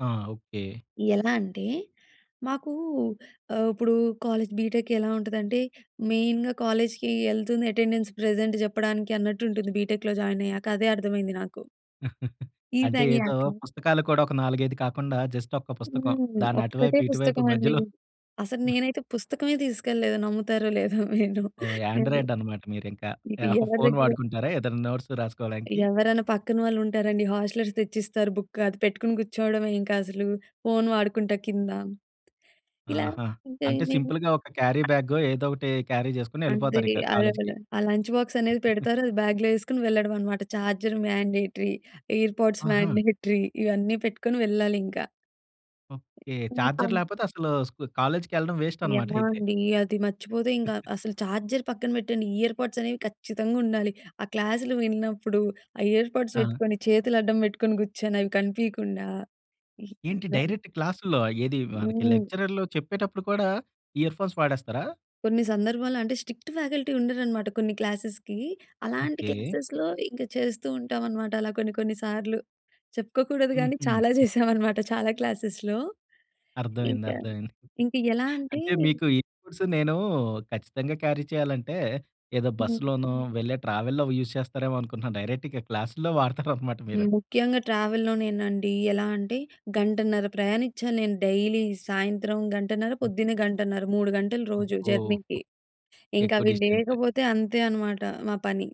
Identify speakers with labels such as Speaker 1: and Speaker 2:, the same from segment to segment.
Speaker 1: ఆ! ఓకె.
Speaker 2: ఎలా అంటే, మాకూ ఆహ్, ఇప్పుడు కాలేజ్, బిటెక్ ఎలా ఉంటుందంటే, మెయిన్‌గా కాలేజ్‌కి ఎళ్తుంది అటెండెన్స్ ప్రెజెంట్ చెప్పడానికి అన్నట్టు ఉంటుంది బిటెక్‌లో జాయిన్ అయ్యాక. అదే అర్థమైంది నాకు.
Speaker 1: అంటే ఏదో
Speaker 2: ఇదయ్యాక.
Speaker 1: పుస్తకాలు కూడా ఒక 4, 5 కాకుండా, జస్ట్ ఒక్క పుస్తకం.
Speaker 2: హ్మ్.
Speaker 1: దాన్ని
Speaker 2: ఒక్కటే
Speaker 1: అటువైపు ఇటువైపు
Speaker 2: పుస్తకమండి.
Speaker 1: మధ్యలో
Speaker 2: అసలు నేనైతే పుస్తకమే తీసుకెళ్ళలేదు నమ్ముతారో లేదో మీరు.
Speaker 1: ఓహ్!
Speaker 2: హ్మ్.
Speaker 1: యాండ్రాయిడ్ అన్నమాట మీరింకా.
Speaker 2: నీకు
Speaker 1: యాహ్!
Speaker 2: ఎవరి
Speaker 1: ఫోన్
Speaker 2: దగ్గర‌గరో
Speaker 1: వాడుకుంటారా ఏదన్నా నోట్స్ రాసుకోవడానికి?
Speaker 2: ఎవరన్న పక్కన వాళ్ళుంటారండి హాస్టలర్స్ తెచ్చిస్తారు. బుక్ అది పెట్టుకొని కూర్చోవడమే. ఇంకా అసలు ఫోన్ వాడుకుంటా కింద. ఇలా
Speaker 1: ఆహా!
Speaker 2: ఇంక
Speaker 1: అంటే,
Speaker 2: ఎమెమి.
Speaker 1: సింపుల్‌గా ఒక క్యారీబ్యాగొ, ఏదో ఒకటి క్యారీ చేసుకొని
Speaker 2: అంటే
Speaker 1: వెళ్ళిపోతారు ఇక
Speaker 2: అలాగల.
Speaker 1: కాలేజ్‌కి.
Speaker 2: ఆ లంచ్ బాక్స్ అనేది పెడతారు, అది బ్యాగ్‌లో యెసుకొని వెళ్ళడం అన్నమాట. చార్జర్ మాండేటరీ, ఎయిర్‌పోడ్స్
Speaker 1: ఆహా!
Speaker 2: మాండేటరీ, ఇవన్నీ పెట్టుకొని వెళ్ళాలింకా.
Speaker 1: ఓకె.
Speaker 2: ఇంక
Speaker 1: చార్జర్ లేకపోతే, అసలు స్కు కాలేజ్‌కెళ్ళడం వేస్ట్ అన్నమాట
Speaker 2: ఎలా
Speaker 1: అయితే.
Speaker 2: అండి? అది మర్చిపోతే ఇంకా అస్సలు చార్జర్ పక్కన పెట్టండి, ఇయర్‌పోడ్స్ అనేవి ఖచ్చితంగా ఉండాలి. ఆ క్లాసులు విన్నప్పుడు, ఆ ఇయర్‌పొడ్స్
Speaker 1: ఆ!
Speaker 2: వెట్టుకొని చేతులు అడ్డం పెట్టుకొని కూర్చొని, అవి కనిపీయకుండా. ఇ
Speaker 1: ఏంటి
Speaker 2: ఇలా
Speaker 1: డైరెక్ట్ క్లాసు‌ల్లో? ఏది మనకి
Speaker 2: హ్మ్.
Speaker 1: లెక్చరర్లు చెప్పేటప్పుడు కూడా, ఇయర్ ఫో‌న్స్ వాడేస్తారా?
Speaker 2: కొన్ని సందర్భంలో అంటే, స్ట్రిక్ట్ ఫ్యాకల్టీ ఉండరన్నమాట కొన్ని క్లాసెస్‌కి. అలాంటి
Speaker 1: ఓకె.
Speaker 2: క్లాసెస్‌లో, ఇంక చేస్తూ ఉంటాం అన్నమాట. అలా కొన్ని, కొన్నిసార్లు. చెప్పుకోకూడదు గానీ చాలా
Speaker 1: హుహు.
Speaker 2: చేశాం అనమాట చాలా క్లాసెస్‌లో. ఇంక,
Speaker 1: అర్థమైంది, అర్థమైంది.
Speaker 2: ఇంక ఎలా అంటే
Speaker 1: అంటే, మీకు ఈ గూడ్స్ నేనూ ఖచ్చితంగా క్యారీ చేయాలంటే ఏదో
Speaker 2: హ్మ్.
Speaker 1: బస్సులోనో, వెళ్ళే ట్రావెల్లో యూజ్ చేస్తారేమో అనుకుంటున్నాను. డైరెక్ట్‌ ఇక క్లాసుల్లో వాడతారు అన్నమాట మీరు.
Speaker 2: ముఖ్యంగా ట్రావెల్లోనేనండి. ఎలా అంటే, గంటన్నర ప్రయాణిచ్చాలి నేను డైలీ. సాయంత్రం గంటన్నర,
Speaker 1: హ్మ్.
Speaker 2: పొద్దున్నే గంటన్నర. 3 గంటలు రోజు
Speaker 1: అబ్బో!
Speaker 2: జర్నీకి. ఇంక
Speaker 1: ఎక్కువ
Speaker 2: అవి
Speaker 1: డిస్టెన్సె.
Speaker 2: లేకపోతే అంతే అనమాట మా పని.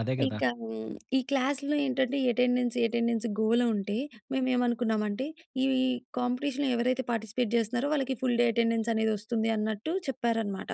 Speaker 1: అదే గదా!
Speaker 2: ఇంకా హ్మ్, ఈ క్లాస్‌లో ఏంటంటే ఎటెండెన్స్, ఎటెండెన్స్ గోల ఉంటే, మేమేమనుకున్నామంటే ఈ కాంపిటీషన్‌లో ఎవరైతే పార్టిసిపేట్ జేస్తున్నారో, వాళ్ళకి ఫుల్‌డే ఎటెండెన్స్ అనేది వస్తుందన్నట్టు చెప్పారనమాట.